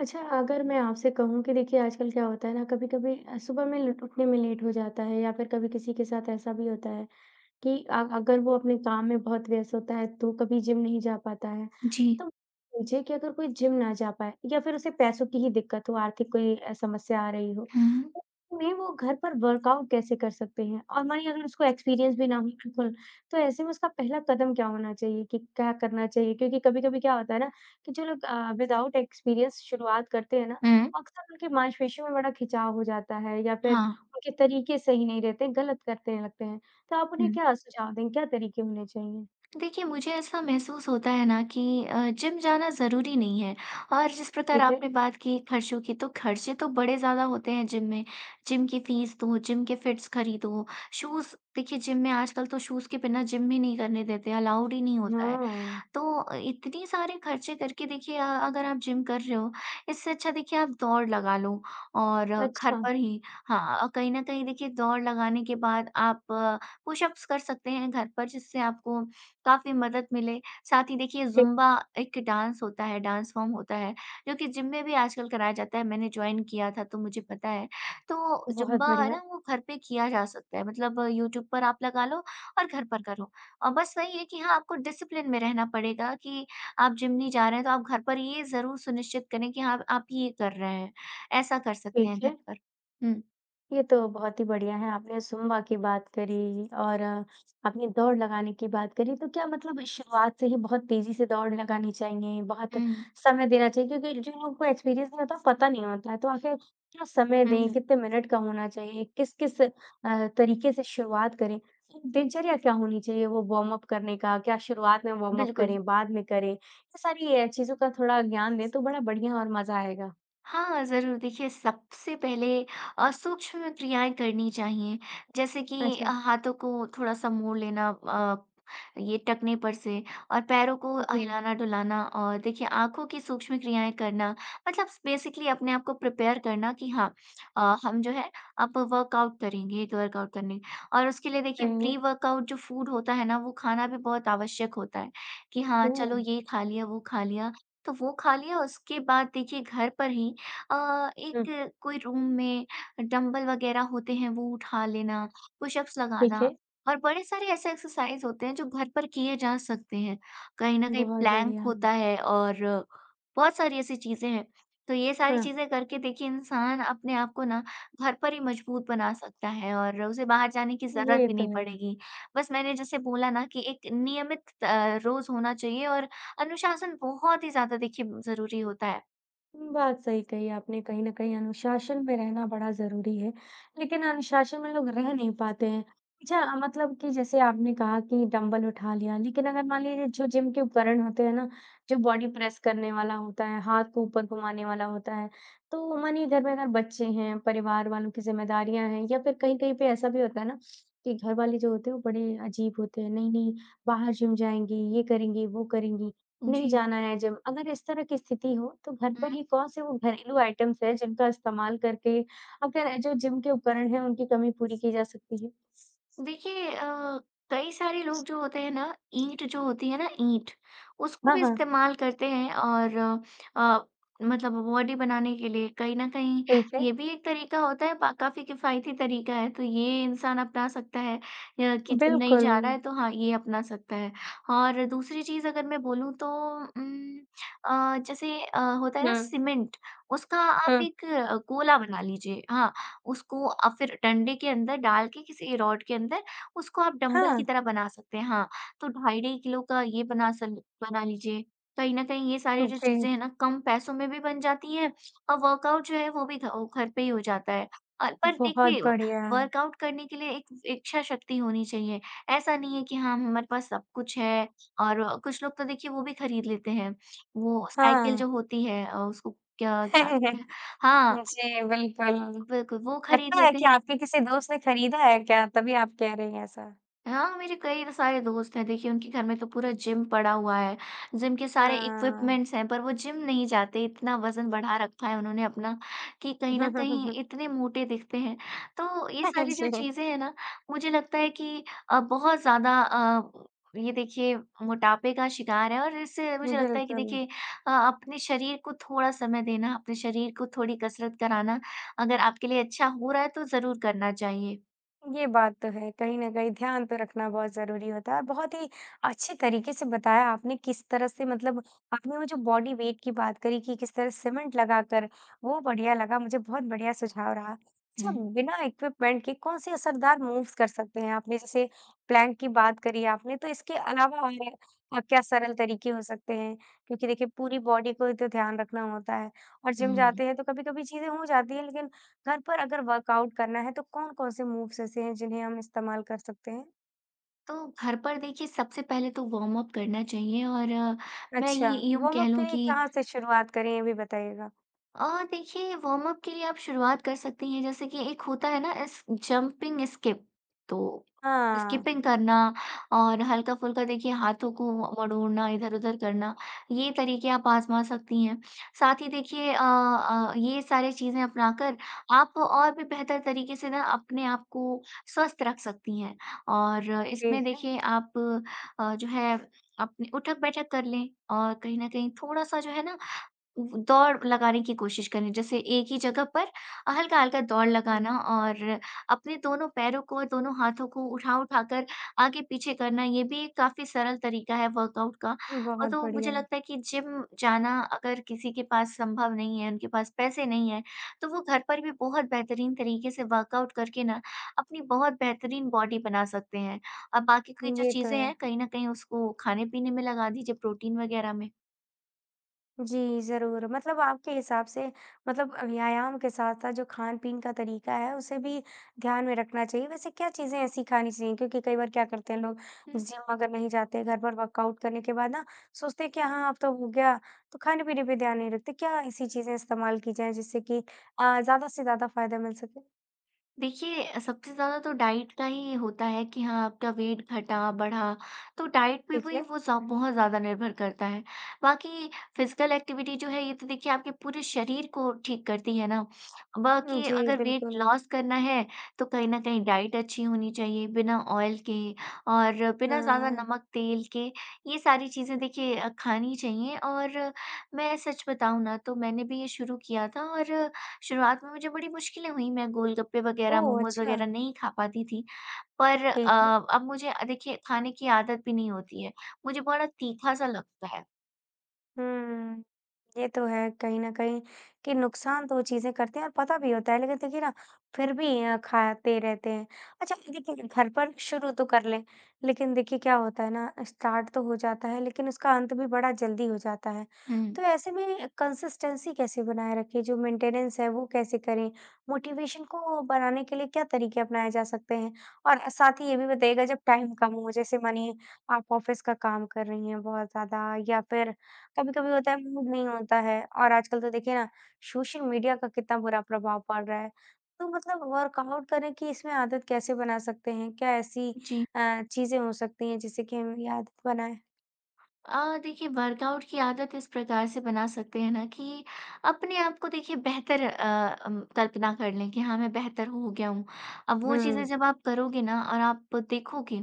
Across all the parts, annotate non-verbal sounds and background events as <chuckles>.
अच्छा, अगर मैं आपसे कहूँ कि देखिए, आजकल क्या होता है ना, कभी-कभी अ, सुबह में लुट उठने में लेट हो जाता है, या फिर कभी किसी के साथ ऐसा भी होता है कि अ, अगर वो अपने काम में बहुत व्यस्त होता है, तो कभी जिम नहीं जा पाता है। जी। तो पूछे कि अगर कोई जिम ना जा पाए, या फिर उसे पैसों की ही दिक्कत हो, आर्थिक कोई अ, समस्या आ रही हो, हुँ। तो ऐसे में वो घर पर वर्कआउट कैसे कर सकते हैं? और मानिए अगर उसको एक्सपीरियंस भी ना हो बिल्कुल, तो ऐसे में उसका पहला कदम क्या होना चाहिए कि क्या करना चाहिए? क्योंकि कभी-कभी क्या होता है ना, कि जो लोग अ, विदाउट एक्सपीरियंस शुरुआत करते हैं ना, हुँ। अक्सर उनके मासपेशियों में बड़ा खिंचाव हो जाता है या फिर हाँ। उनके तरीके सही नहीं रहते, गलत करते हैं लगते हैं, तो आप उन्हें हुँ। क्या सुझाव देंगे? क्या तरीके होने चाहिए? देखिए, मुझे ऐसा महसूस होता है ना कि अ, जिम जाना ज़रूरी नहीं है और जिस प्रकार ठीक है। आपने बात की खर्चों की, तो खर्चे तो बड़े ज़्यादा होते हैं जिम में, जिम की फ़ीस दो, जिम के फिट्स खरीदो, शूज़ देखिए, जिम में आजकल तो शूज़ के बिना जिम भी नहीं करने देते, अलाउड ही नहीं होता है। हाँ। तो अ, इतनी सारे खर्चे करके देखिए अ, अगर आप जिम कर रहे हो, इससे अच्छा देखिए आप दौड़ लगा लो और घर अच्छा। पर ही हाँ अ, कहीं न कहीं देखिए, दौड़ लगाने के बाद आप पुशअप्स कर सकते हैं घर पर, जिससे आपको काफ़ी मदद मिले। साथ ही देखिए, ठीक। ज़ुम्बा एक डांस होता है, डांस फॉर्म होता है, जो कि जिम में भी आजकल कराया जाता है। मैंने जॉइन किया था, तो मुझे पता है। तो बहुत ज़ुम्बा है बढ़िया। ना, वो घर पे किया जा सकता है, मतलब यूट्यूब पर आप लगा लो और घर पर करो। और बस वही है कि हाँ, आपको डिसिप्लिन में रहना पड़ेगा कि आप जिम नहीं जा रहे हैं, तो आप घर पर ये ज़रूर सुनिश्चित करें कि हाँ, आप ये कर रहे हैं। ऐसा कर सकते ठीक हैं घर है। पर। हुँ। ये तो बहुत ही बढ़िया है, आपने सुम्बा की बात करी और अपनी दौड़ लगाने की बात करी, तो क्या मतलब इस शुरुआत से ही बहुत तेज़ी से दौड़ लगानी चाहिए, बहुत हुँ। समय देना चाहिए क्योंकि जिन लोगों को एक्सपीरियंस नहीं होता, पता नहीं होता है, तो आखिर क्या समय हुँ, दें, हुँ। कितने मिनट का होना चाहिए, किस-किस अ, तरीके से शुरुआत करें, एक दिनचर्या क्या होनी चाहिए वो वॉर्मअप करने का, क्या शुरुआत में वॉर्मअप बिल्कुल। करें, बाद में करें? ये सारी ये चीज़ों का थोड़ा ज्ञान दें तो बड़ा बढ़िया और मज़ा आएगा। हाँ ज़रूर, देखिए सबसे पहले अ, सूक्ष्म क्रियाएँ करनी चाहिए, जैसे कि अ, अच्छा। हाथों को थोड़ा-सा मोड़ लेना अ, ये टखने पर से और पैरों को ठीक अ, है। हिलाना-डुलाना अ, देखिए आँखों की सूक्ष्म क्रियाएँ करना मतलब स बेसिकली अपने आप को प्रिपेयर करना कि हाँ अ, हम जो है अब वर्कआउट करेंगे। ये तो वर्कआउट करने और उसके लिए देखिए सही है। प्री-वर्कआउट जो फूड होता है ना, वो खाना भी बहुत आवश्यक होता है कि हाँ, चलो ओह! ये खा लिया, वो खा लिया, तो वो खा लिया, उसके बाद देखिए घर पर ही अ, हुँ। एक कोई रूम में डंबल वग़ैरह होते हैं, वो उठा लेना, पुश-अप्स ठीक लगाना है। और बड़े सारे ऐसे एक्सरसाइज़ होते हैं जो घर पर किए जा सकते हैं, कहीं न कहीं बहुत प्लैंक बढ़िया। होता है और बहुत सारी ऐसी चीज़ें हैं। तो ये सारी हाँ। चीज़ें करके देखिए इंसान अपने आप को ना घर पर ही मज़बूत बना सकता है और उसे बाहर जाने की ज़रूरत ये भी तो नहीं है। पड़ेगी, बस मैंने जैसे बोला ना कि एक नियमित त रोज़ होना चाहिए और अनुशासन बहुत ही ज़्यादा देखिए ब ज़रूरी होता है। उम, बात सही कही आपने कहीं न कहीं अनुशासन में रहना बड़ा ज़रूरी है, लेकिन अनुशासन में लोग रह नहीं पाते हैं। अच्छा, मतलब कि जैसे आपने कहा कि डंबल उठा लिया, लेकिन अगर मान लीजिए जो जिम के उपकरण होते हैं ना, जो बॉडी प्रेस करने वाला होता है, हाथ को ऊपर घुमाने वाला होता है। तो मानिए घर में ना बच्चे हैं, परिवार वालों की ज़िम्मेदारियाँ हैं या फिर कहीं-कहीं पे ऐसा भी होता है ना, कि घर वाले जो होते हैं वो बड़े अजीब होते हैं, नहीं-नहीं बाहर जिम जाएँगी, ये करेंगी, वो करेंगी, उम, नहीं जी। जाना है जिम। अगर इस तरह की स्थिति हो, तो घर पर ही हुँ। कौन-से वो घरेलू आइटम्स हैं जिनका इस्तेमाल करके आपके र जो जिम के उपकरण हैं उनकी कमी पूरी की जा सकती है? देखिए अ, कई सारे लोग जो होते हैं ना, ईंट जो होती है ना ईंट, उसको ब भी हाँ। इस्तेमाल करते हैं और अ, मतलब बॉडी बनाने के लिए कहीं न कहीं ठीक है। ये भी एक तरीका होता है, पा काफ़ी किफ़ायती तरीका है तो ये इंसान अपना सकता है, या कि जिम नहीं जा रहा बिल्कुल। है तो हाँ, ये अपना सकता है। ह और दूसरी चीज़ अगर मैं बोलूँ तो उम अ, जैसे अ, होता है ना हाँ। सीमेंट, उसका आप हाँ। एक अ, कोला बना लीजिए, हाँ, उसको अ, फिर डंडे के अंदर डाल के किसी रॉड के अंदर, उसको आप डंबल की हाँ। तरह बना सकते हैं, हाँ, तो ढाई-ढाई किलो का ये बना स बना लीजिए। कहीं न कहीं ये सारे हुँ, जो चीज़ें हैं जी। ना, कम पैसों में भी बन जाती हैं और वर्कआउट जो है, वो भी घ औ घर पे ही हो जाता है। अ, पर बहुत देखिए, व बढ़िया। वर्कआउट करने के लिए एक इच्छाशक्ति होनी चाहिए, ऐसा नहीं है कि हाँ, हमारे पास सब कुछ है और व कुछ लोग तो देखिए वो भी खरीद लेते हैं, वो साइकिल हाँ। जो होती है अ, उसको क्या कहते हैं, <chuckles> हाँ जी, बिल्कुल। बिल्कुल, वो खरीद लगता है लेते कि हैं। आपके किसी दोस्त ने खरीदा है क्या? तभी आप कह रहीं हैं ऐसा। हाँ, मेरे कई सारे दोस्त हैं, देखिए उनके घर में तो पूरा जिम पड़ा हुआ है, जिम के सारे हाँ। इक्विपमेंट्स हैं, पर वो जिम नहीं जाते, इतना वज़न बढ़ा रखा है उन्होंने अपना कि कहीं हुँ, न हुँ, हुँ, कहीं हुँ। इतने मोटे दिखते हैं, तो ये सारी <chuckles> जो जी। चीज़ें हैं ना, मुझे लगता है कि अ, बहुत ज़्यादा अ, ये देखिए मोटापे का शिकार है और इससे मुझे लगता है कि बिल्कुल। देखिए अ, अपने शरीर को थोड़ा समय देना, अपने शरीर को थोड़ी कसरत कराना अगर आपके लिए अच्छा हो रहा है, तो ज़रूर करना चाहिए। ये बात तो है, कहीं न कहीं ध्यान तो रखना बहुत ज़रूरी होता है, बहुत ही अच्छे तरीके से बताया आपने किस तरह से मतलब आपने वो जो बॉडी वेट की बात करी कि किस तरह सीमेंट लगाकर वो बढ़िया लगा, मुझे बहुत बढ़िया सुझाव रहा। अच्छा, हुँ। बिना इक्विपमेंट के कौन-से असरदार मूव्स कर सकते हैं? आपने जैसे प्लैंक की बात करी आपने, तो इसके अलावा और अ, क्या सरल तरीके हो सकते हैं क्योंकि देखिए पूरी बॉडी को भी तो ध्यान रखना होता है और जिम उहुँ। जाते हैं, तो कभी-कभी चीज़ें हो जाती हैं, लेकिन घर पर अगर वर्कआउट करना है, तो कौन-कौन से मूव्स ऐसे हैं, जिन्हें हम इस्तेमाल कर सकते हैं? तो घर पर देखिए, सबसे पहले तो वॉर्मअप करना चाहिए और मैं अच्छा, ये यूँ कह वॉर्मअप के लूँ लिए कि कहाँ से शुरुआत करें, ये भी बताइएगा। अ, देखिए, वॉर्मअप के लिए आप शुरुआत कर सकती हैं, जैसे कि एक होता है ना, एस जंपिंग स्किप। तो हाँ। स्किपिंग करना और हल्का-फुल्का देखिए हाथों को व वड़ोड़ना, इधर-उधर करना, ये तरीके आप आज़मा सकती हैं। साथ ही देखिए अ अ, ये सारे चीज़ें अपनाकर आप और भी बेहतर तरीके से ना, अपने आप को स्वस्थ रख सकती हैं और इसमें ठीक है। देखिए, आप अ, जो है अपने उठक-बैठक कर लें और कहीं न कहीं थोड़ा-सा जो है ना उम, व दौड़ लगाने की कोशिश करें। जैसे एक ही जगह पर अ, हल्का-हल्का दौड़ हुँ। लगाना और अपने दोनों पैरों को और दोनों हाथों को उठा उठाकर आगे पीछे करना, ये भी एक काफ़ी सरल तरीका है वर्कआउट का। उम, अ, बहुत तो मुझे बढ़िया। लगता है कि जिम जाना अगर किसी के पास संभव नहीं है, उनके पास पैसे नहीं है, तो वो घर पर भी बहुत बेहतरीन तरीके से वर्कआउट करके ना, अपनी बहुत बेहतरीन बॉडी बना सकते हैं। अ, बाकी की जो ये तो चीज़ें है। हैं, कहीं न कहीं उसको खाने-पीने में लगा दीजिए, प्रोटीन वगैरह में। जी, ज़रूर। मतलब आपके हिसाब से मतलब अ, व्यायाम के साथ-साथ जो खान-पीन का तरीका है, उसे भी ध्यान में रखना चाहिए। वैसे क्या चीज़ें ऐसी खानी चाहिए? क्योंकि कई बार क्या करते हैं लोग, हुँ। जिम अगर नहीं जाते, घर पर वर्कआउट करने के बाद ना, सोचते हैं कि, "हाँ, अब तो हो गया।" तो खाने-पीने पे ध्यान नहीं रखते। क्या ऐसी चीज़ें इस्तेमाल की जाएँ, जिससे कि अ, ज़्यादा से ज़्यादा फ़ायदा मिल सके? देखिए अ, सबसे ज़्यादा तो डाइट का ही होता है कि हाँ, आपका वेट घटा, बढ़ा, तो डाइट पे ठीक वही है। वो सब बहुत ज़्यादा निर्भर करता है। बाकी फ़िज़िकल एक्टिविटी जो है, ये तो देखिए आपके पूरे शरीर को ठीक करती है ना। उम, बाकी जी, अगर वेट बिल्कुल। लॉस करना है, तो कहीं न कहीं डाइट अच्छी होनी चाहिए, बिना ऑयल के और बिना ज़्यादा हाँ। नमक, तेल के। ये सारी चीज़ें देखिए अ, खानी चाहिए और मैं सच बताऊँ ना, तो मैंने भी ये शुरू किया था और शुरुआत में मुझे बड़ी मुश्किलें हुईं। मैं गोलगप्पे वगैरह, ओह! मोमोज़ अच्छा। वगैरह नहीं खा पाती थी। पर ठीक है। अ, अब मुझे अ, देखिए, खाने की आदत भी नहीं होती है। मुझे बड़ा तीखा-सा लगता है। हुँ। ये तो है कहीं न कहीं, कि नुकसान तो वो चीज़ें करते हैं और पता भी होता है, लेकिन देखिए ना, फिर भी अ, खाते रहते हैं। अच्छा, लेकिन घर पर शुरू तो कर लें, लेकिन देखिए, क्या होता है ना, स्टार्ट तो हो जाता है, लेकिन उसका अंत भी बड़ा जल्दी हो जाता है। तो हुँ। ऐसे में कंसिस्टेंसी कैसे बनाए रखें, जो मेंटेनेंस है, वो कैसे करें? मोटिवेशन को बढ़ाने के लिए क्या तरीके अपनाए जा सकते हैं? और ए साथ ही ये भी बताइएगा, जब टाइम कम हो, जैसे मानिए आप ऑफ़िस का काम कर रही हैं बहुत ज़्यादा, या फिर कभी-कभी होता है, मूड नहीं होता है और आजकल तो देखिए ना, सोशल मीडिया का कितना बुरा प्रभाव पड़ रहा है। तो मतलब वर्कआउट करने की इसमें आदत कैसे बना सकते हैं? क्या ऐसी जी। अ, चीज़ें हो सकती हैं, जिससे कि हम ये आदत बनाएँ? अ, देखिए, वर्कआउट की आदत इस प्रकार से बना सकते हैं ना कि अपने आप को देखिए, बेहतर अ अम, कल्पना कर लें कि हाँ, मैं बेहतर हो गया हूँ। अब वो चीज़ें हुँ। जब आप करोगे ना, और आप देखोगे,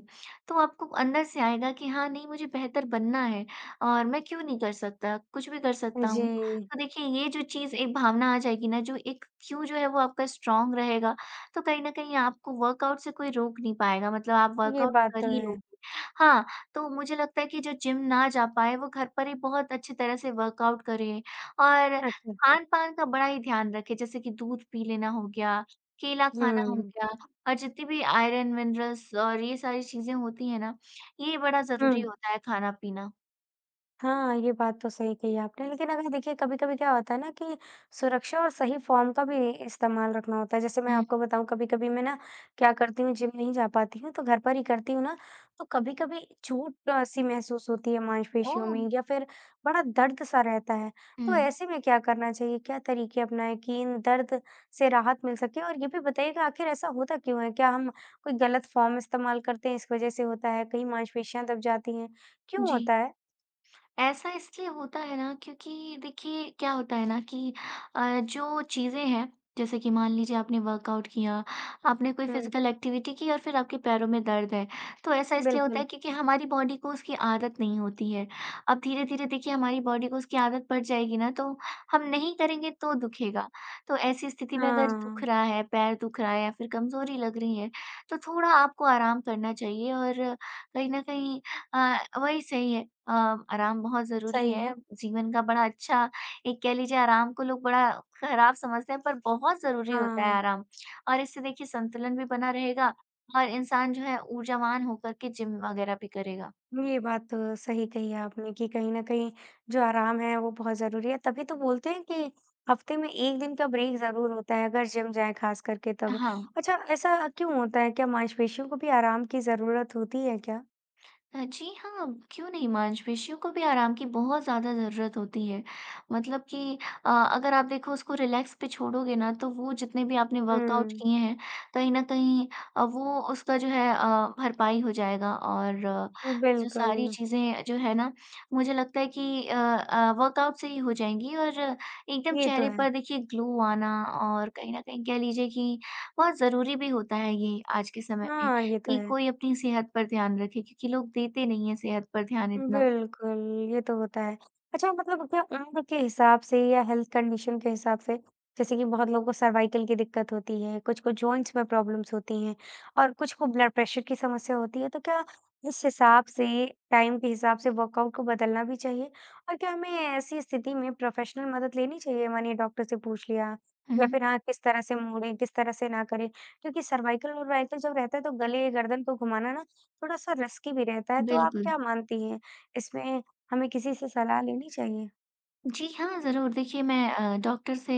तो आपको अंदर से आएगा कि, "हाँ, नहीं, मुझे बेहतर बनना है और मैं क्यों नहीं कर सकता? कुछ भी कर सकता हूँ।" जी। तो देखिए, ये जो चीज़ एक भावना आ जाएगी ना, जो एक क्यों जो है, वो आपका स्ट्रॉन्ग रहेगा, तो कहीं न कहीं आपको वर्कआउट से कोई रोक नहीं पाएगा, मतलब आप ये वर्कआउट बात कर तो ही है। लोगे। हाँ, तो मुझे लगता है कि जो जिम ना जा पाए, वो घर पर ही बहुत अच्छी तरह से वर्कआउट करे और अच्छा। खान-पान का बड़ा ही ध्यान रखें। जैसे कि दूध पी लेना हो गया, केला खाना हो हुँ। गया और जितनी भी आयरन, मिनरल्स और ये सारी चीज़ें होती हैं ना, ये बड़ा ज़रूरी हुँ। होता है खाना-पीना। हाँ, ये बात तो सही कही आपने, लेकिन अगर देखिए, कभी-कभी क्या होता है ना कि सुरक्षा और सही फ़ॉर्म का भी इ इस्तेमाल रखना होता है। जैसे मैं हुँ। आपको बताऊँ, कभी-कभी मैं ना, क्या करती हूँ, जिम नहीं जा पाती हूँ, तो घर पर ही करती हूँ ना, तो कभी-कभी छूट-सी महसूस होती है मांसपेशियों ओह! में या फिर बड़ा दर्द-सा रहता है। तो हुँ। ऐसे में क्या करना चाहिए? क्या तरीके अपनाएँ कि इन दर्द से राहत मिल सके? और ये भी बताइएगा, आखिर ऐसा होता क्यों है? क्या हम कोई गलत फ़ॉर्म इस्तेमाल करते हैं, इस वजह से होता है, कई मांसपेशियाँ दब जाती हैं? क्यों जी। होता है? ऐसा इसलिए होता है ना, क्योंकि देखिए, क्या होता है ना कि अ, जो चीज़ें हैं, जैसे कि मान लीजिए आपने वर्कआउट किया, आपने कोई हुँ। फिज़िकल एक्टिविटी की और फिर आपके पैरों में दर्द है। तो ऐसा इसलिए होता बिल्कुल। है, क्योंकि हमारी बॉडी को उसकी आदत नहीं होती है। अब धीरे-धीरे देखिए हमारी बॉडी को उसकी आदत पड़ जाएगी ना, तो हम नहीं करेंगे, तो दुखेगा। तो ऐसी स्थिति में अगर दुख हाँ। रहा है, पैर दुख रहा है या फिर कमज़ोरी लग रही है, तो थोड़ा आपको आराम करना चाहिए और कहीं न कहीं अ अ, वही सही है। अ, आराम बहुत ज़रूरी सही है। है। जीवन का बड़ा अच्छा एक कह लीजिए, आराम को लोग बड़ा खराब समझते हैं, पर बहुत ज़रूरी होता है हाँ। आराम। और इससे देखिए, संतुलन भी बना रहेगा और इंसान जो है, ऊर्जावान हो करके जिम वगैरह भी करेगा। ये बात तो सही कही है आपने कि कहीं न कहीं, जो आराम है, वो बहुत ज़रूरी है। तभी तो बोलते हैं कि हफ़्ते में 1 दिन का ब्रेक ज़रूर होता है, अगर जिम जाएँ खासकर के तब। हाँ। अच्छा, ऐसा क्यों होता है? क्या मांसपेशियों को भी आराम की ज़रूरत होती है क्या? अ, जी हाँ, क्यों नहीं, मांसपेशियों को भी आराम की बहुत ज़्यादा ज़रूरत होती है। मतलब कि अ, अगर आप देखो उसको रिलैक्स पे छोड़ोगे ना तो वो जितने भी आपने हुँ, वर्कआउट्स हुँ। किए हैं, कहीं न कहीं अ, वो उसका जो है अ, भरपाई हो जाएगा और अ, जो सारी बिल्कुल। चीज़ें जो हैं ना, मुझे लगता है कि अ अ, वर्कआउट से ही हो जाएँगी और एकदम ये तो चेहरे पर है। देखिए ग्लो आना और कहीं न कहीं कह लीजिए कि और ज़रूरी भी होता है ये आज के समय में। हाँ, ये तो एक है। कोई अपनी सेहत पर ध्यान रखें क्योंकि लोग देते नहीं हैं सेहत पर ध्यान उम, इतना। बिल्कुल, ये तो होता है। अच्छा मतलब क्या उम्र के हिसाब से या हेल्थ कंडीशन के हिसाब से, जैसे कि बहुत लोगों को सर्वाइकल की दिक्कत होती है, कुछ को जॉइंट्स में प्रॉब्लम्स होती हैं और कुछ को ब्लड प्रेशर की समस्या होती है तो क्या इस हिसाब से, टाइम के हिसाब से वर्कआउट को बदलना भी चाहिए? और क्या हमें ऐसी स्थिति में प्रोफ़ेशनल मदद लेनी चाहिए मानिए डॉक्टर से पूछ लिया हुँ, या हुँ। फिर हाथ किस तरह से मोड़ें, किस तरह से ना करें? क्योंकि सर्वाइकल-वर्वाइकल जब रहता है तो गले-गर्दन को घुमाना ना, थोड़ा-सा रस्की भी रहता है। तो आप बिल्कुल। क्या मानती हैं, इसमें हमें किसी से सलाह लेनी चाहिए? जी हाँ, ज़रूर। देखिए मैं अ, डॉक्टर से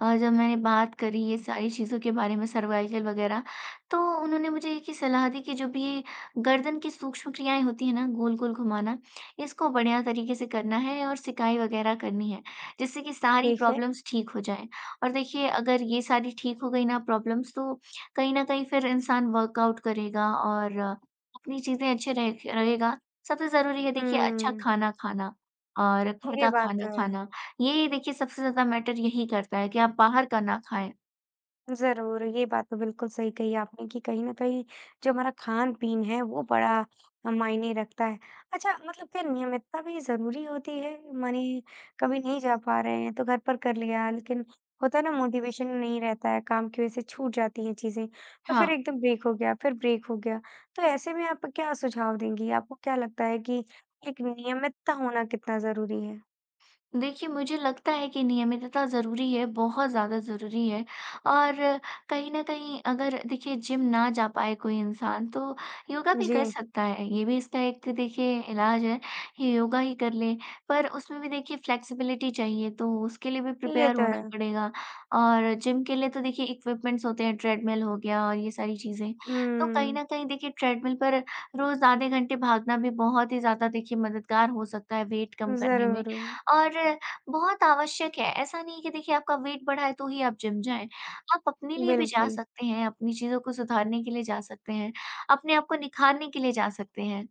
अ, जब मैंने बात करी ये सारी चीज़ों के बारे में, सर्वाइकल वगैरह, तो उन्होंने मुझे एक ही सलाह दी कि जो भी गर्दन की सूक्ष्म क्रियाएँ होती हैं ना, गोल-गोल घुमाना, इसको बढ़िया तरीके से करना है और सिकाई वगैरह करनी है, जिससे कि सारी ठीक है। प्रॉब्लम्स ठीक हो जाएँ। और देखिए, अगर ये सारी ठीक हो गई ना प्रॉब्लम्स, तो कहीं न कहीं फिर इंसान वर्कआउट करेगा और अपनी चीज़ें अच्छे रहे क रहेगा। सबसे ज़रूरी है, देखिए, अच्छा हुँ। खाना खाना और घर ये का बात खाना तो है। खाना, ये ही देखिए सबसे ज़्यादा मैटर यही करता है कि आप बाहर का ना खाएँ। ज़रूर, ये बात तो बिल्कुल सही कही आपने कि कहीं न कहीं, जो हमारा खान-पीन है, वो बड़ा ह मायने रखता है। अच्छा, मतलब क्या नियमितता भी ज़रूरी होती है? मने कभी नहीं जा पा रहे हैं, तो घर पर कर लिया, लेकिन होता है ना, मोटिवेशन नहीं रहता है, काम की वजह से छूट जाती हैं चीज़ें, तो फिर हाँ। एकदम ब्रेक हो गया, फिर ब्रेक हो गया। तो ऐसे में आप क्या सुझाव देंगी? आपको क्या लगता है कि एक नियमितता होना कितना ज़रूरी है? देखिए, मुझे लगता है कि नियमितता ज़रूरी है, बहुत ज़्यादा ज़रूरी है और कहीं न कहीं, अगर देखिए, जिम ना जा पाए कोई इंसान, तो योगा भी कर जी। सकता है। ये भी इसका एक देखिए इलाज है, योगा ही कर ले। पर उसमें भी देखिए फ़्लेक्सिबिलिटी चाहिए, तो उसके लिए भी ये प्रिपेयर तो होना है। पड़ेगा और जिम के लिए तो देखिए, इक्विपमेंट्स होते हैं, ट्रेडमिल हो गया और ये सारी चीज़ें। तो कहीं हुँ। न कहीं देखिए, ट्रेडमिल पर रोज़ आधे घंटे भागना भी बहुत ही ज़्यादा देखिए मददगार हो सकता है वेट कम करने में ज़रूर। और बहुत आवश्यक है। ऐसा नहीं है कि देखिए, आपका वेट बढ़ा है, तो ही आप जिम जाएँ। आप अपने लिए भी जा बिल्कुल। सकते हैं, अपनी चीज़ों को सुधारने के लिए जा सकते हैं, अपने आप को निखारने के लिए जा सकते हैं।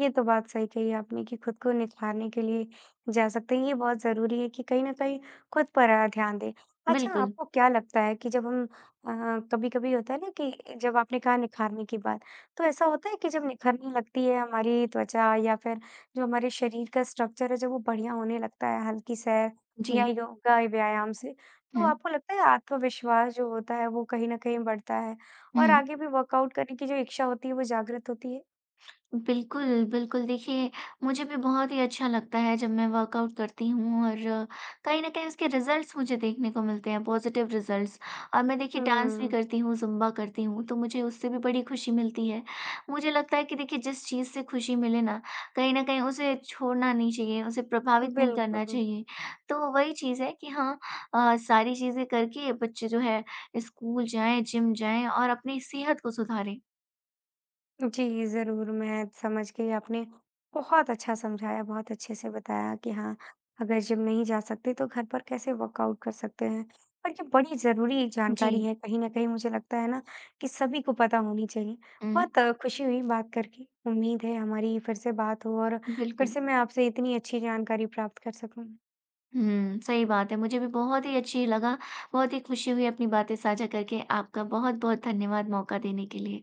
ये तो बात सही कही आपने कि खुद को निखारने के लिए जा सकते हैं। ये बहुत ज़रूरी है कि कहीं न कहीं खुद पर अ, ध्यान दें। अच्छा, बिल्कुल। आपको क्या लगता है कि जब हम अ, कभी-कभी होता है ना कि जब आपने कहा निखारने की बात, तो ऐसा होता है कि जब निखरने लगती है हमारी त्वचा या फिर जो हमारे शरीर का स्ट्रक्चर है, जब वो बढ़िया होने लगता है हल्की से, या जी। योगा या व्यायाम से, तो हुँ। आपको लगता है आत्मविश्वास जो होता है, वो कहीं न कहीं बढ़ता है? और हुँ। आगे भी वर्कआउट करने की जो इच्छा होती है, वो जागृत होती है? बिल्कुल, बिल्कुल, देखिए, मुझे भी बहुत ही अच्छा लगता है, जब मैं वर्कआउट करती हूँ और कहीं न कहीं उसके रिज़ल्ट्स मुझे देखने को मिलते हैं, पॉज़िटिव रिज़ल्ट्स। और मैं देखिए, डांस भी हुँ। करती हूँ, ज़ुम्बा करती हूँ, तो मुझे उससे भी बड़ी खुशी मिलती है। मुझे लगता है कि देखिए, जिस चीज़ से खुशी मिले ना, कहीं न कहीं उसे छोड़ना नहीं चाहिए, उसे प्रभावित नहीं करना बिल्कुल। चाहिए। तो वही चीज़ है कि हाँ अ, सारी चीज़ें करके बच्चे जो हैं, स्कूल जाएँ, जिम जाएँ और अपनी सेहत को सुधारें। जी, ज़रूर, मैं समझ गई। आपने बहुत अच्छा समझाया, बहुत अच्छे से बताया कि हाँ, अगर जिम नहीं जा सकते, तो घर पर कैसे वर्कआउट कर सकते हैं और ये बड़ी ज़रूरी जानकारी जी। है। कहीं न कहीं मुझे लगता है ना, कि सभी को पता होनी चाहिए। हुँ। बहुत खुशी हुई बात करके। उम्मीद है, हमारी फिर से बात हो और फिर बिल्कुल। से मैं आपसे इतनी अच्छी जानकारी प्राप्त कर सकूँ। हुँ, सही बात है। मुझे भी बहुत ही अच्छी लगा, बहुत ही खुशी हुई अपनी बातें साझा करके। आपका बहुत-बहुत धन्यवाद मौका देने के लिए।